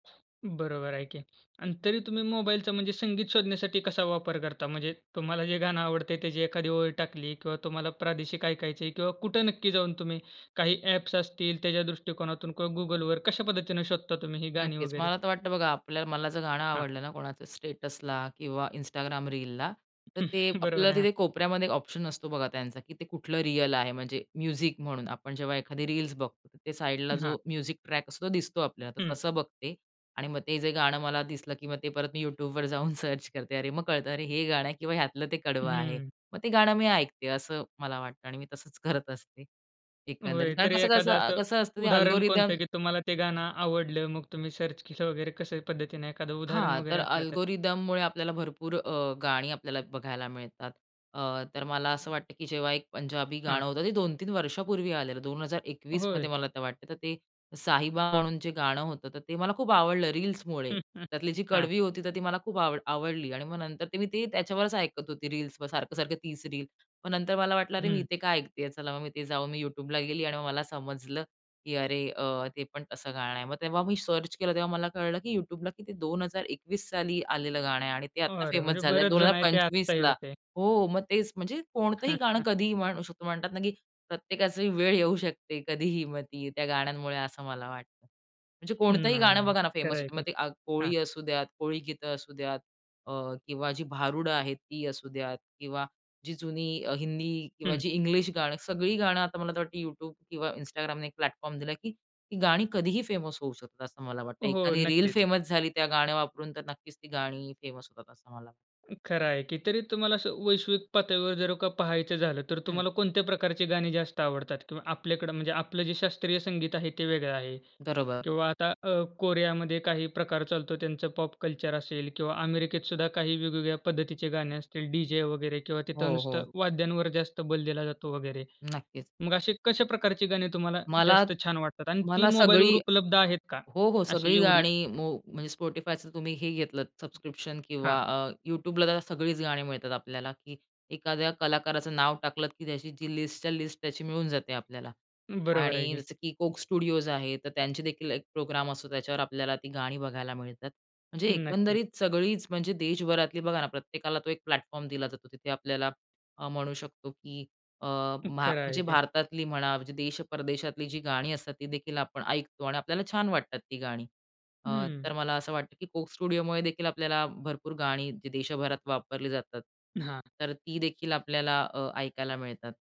बरोबर आहे की. आणि तरी तुम्ही मोबाईलचा म्हणजे संगीत शोधण्यासाठी, कसा वापर करता? म्हणजे तुम्हाला जे गाणं आवडतंय त्याची एखादी ओळ टाकली किंवा तुम्हाला प्रादेशिक ऐकायचे आहे किंवा कुठे नक्की जाऊन तुम्ही काही ॲप्स असतील, त्याच्या दृष्टिकोनातून? किंवा Googleवर कश्या पद्धतीने शोधता तुम्ही ही गाणी नक्कीच वगैरे? मला तर वाटतं बघा, आपल्या मला जर गाणं हां. आवडलं ना, कोणाचं स्टेटसला किंवा Instagram रीलला, तर ते बरोबर आपल्याला आहे. हां. तिथे कोपऱ्यामध्ये ऑप्शन असतो बघा त्यांचा की ते कुठलं रिअल आहे, म्हणजे म्युझिक म्हणून. आपण जेव्हा एखादी रील्स बघतो, त्या साइडला जो हां. म्युझिक ट्रॅक असतो तो दिसतो आपल्याला. तर हं. तसं बघते आणि मग ते जे गाणं मला दिसलं की मग ते परत मी YouTubeवर जाऊन सर्च करते. अरे! मग कळतं, अरे! हे गाणं आहे किंवा ह्यातलं ते कडवं आहे. हम्म. मग ते गाणं मी ऐकते. असं मला वाटतं आणि मी तसंच करत असते. एकंदरीत, होय. कारण तरी एखादं कसं-कसं, असं कसं असतं ते उदाहरण अल्गोरिथम कोणतं की तुम्हाला ते गाणं आवडलं, मग तुम्ही सर्च केलं वगैरे कशा पद्धतीने? एखादं उदाहरण हां. तर वगैरे असलं तर अल्गोरिदममुळे आपल्याला भरपूर अ, गाणी आपल्याला बघायला मिळतात. अ, तर मला असं वाटतं की जेव्हा एक पंजाबी हां. गाणं होतं ते, 2-3 वर्षापूर्वी आलेलं दोन हजार होय. एकवीसमध्ये मला तर वाटतं, तर ते साहिबा म्हणून जे गाणं होतं तर ते मला खूप आवडलं रील्समुळे, त्यातली जी हां. कडवी होती तर ती मला खूप आवड आवडली. आणि मग नंतर ते मी ते त्याच्यावरच ऐकत होती रील्स सारखं-सारखं तीच रील. मग नंतर मला वाटलं, अरे! मी हम्म. इथे का ऐकते आहे? चला, मग मी तिथे जाऊन मी YouTubeला गेली आणि मग मला समजलं की, अरे! ते पण असं गाणं आहे. मग तेव्हा मी सर्च केलं तेव्हा मला कळलं की YouTubeला किती 2021 साली आलेलं गाणं आहे आणि ते आता अरे! फेमस म्हणजे झालं बरेच दोन हजार जण आहेत ते आत्ता हे पंचवीसला. होते. हो, मग तेच, म्हणजे कोणतंही गाणं कधीही म्हणू शकता. म्हणतात ना की प्रत्येकाचा वेळ येऊ शकते कधीही, मग ती त्या गाण्यांमुळे असं मला वाटतं. म्हणजे कोणतंही नाही, गाणं नाही, बघा ना फेमस खरं होत. ते. मग ते आ हां. कोळी असू द्या, कोळी गीतं असुद्यात अ, किंवा जी भारुडं आहे, ती असू द्यात किंवा जी जुनी अ, हिंदी किंवा हम्म. जी इंग्लिश गाणी, सगळी गाणं आता मला तर वाटत YouTube किंवा Instagramने एक प्लॅटफॉर्म दिला, की ती गाणी कधीही फेमस होऊ शकतात, असं मला वाटतं. हो. एखादी रिल नक्कीच. फेमस झाली त्या गाण्या वापरून तर नक्कीच ती गाणी फेमस होतात, असं मला खरं आहे की. तरी तुम्हाला असं वैश्विक पातळीवर जर का पाहायचं झालं, तर हं. तुम्हाला कोणत्या प्रकारची गाणी जास्त आवडतात? किंवा आपल्याकडं म्हणजे आपलं जे शास्त्रीय संगीत आहे ते वेगळं आहे बरोबर. किंवा आता अ, कोरियामध्ये काही प्रकार चालतो, त्यांचं पॉप कल्चर असेल किंवा अमेरिकेत सुद्धा काही वेगवेगळ्या पद्धतीचे गाणे असतील, डी-जे वगैरे किंवा तिथं हो, हो. नुसतं वाद्यांवर जास्त बल दिला जातो वगैरे. नक्कीच. मग अशी कशा प्रकारची गाणी तुम्हाला मला जास्त छान वाटतात? आणि ती मला मोबाईलवर सगळी उपलब्ध आहेत का? हो, हो अशी सगळी एवढी? गाणी मो म्हणजे Spotifyच तुम्ही हे घेतलंत, सबस्क्रिप्शन किंवा हां. अ, YouTubeला तर सगळीच गाणी मिळतात आपल्याला, की एखाद्या कलाकाराचं नाव टाकलत की त्याची जी लिस्टच्या लिस्ट त्याची मिळून जाते आपल्याला. बरोबर आहे आणि की. जसं की Coke Studios आहे, तर त्यांचे देखील एक प्रोग्राम असतो त्याच्यावर आपल्याला ती गाणी बघायला मिळतात. म्हणजे नक्कीच. एकंदरीत सगळीच म्हणजे देशभरातली, बघा ना प्रत्येकाला तो एक प्लॅटफॉर्म दिला जातो, तिथे आपल्याला अ, म्हणू शकतो की अ, मा खरं आहे म्हणजे की. भारतातली म्हणा, म्हणजे देश परदेशातली जी गाणी असतात ती देखील आपण ऐकतो आणि आपल्याला छान वाटतात ती गाणी. अ, हम्म. तर मला असं वाटतं की Coke Studiosमुळे देखील आपल्याला भरपूर गाणी देशभरात वापरली जातात. हां. तर ती देखील आपल्याला अ, ऐकायला मिळतात.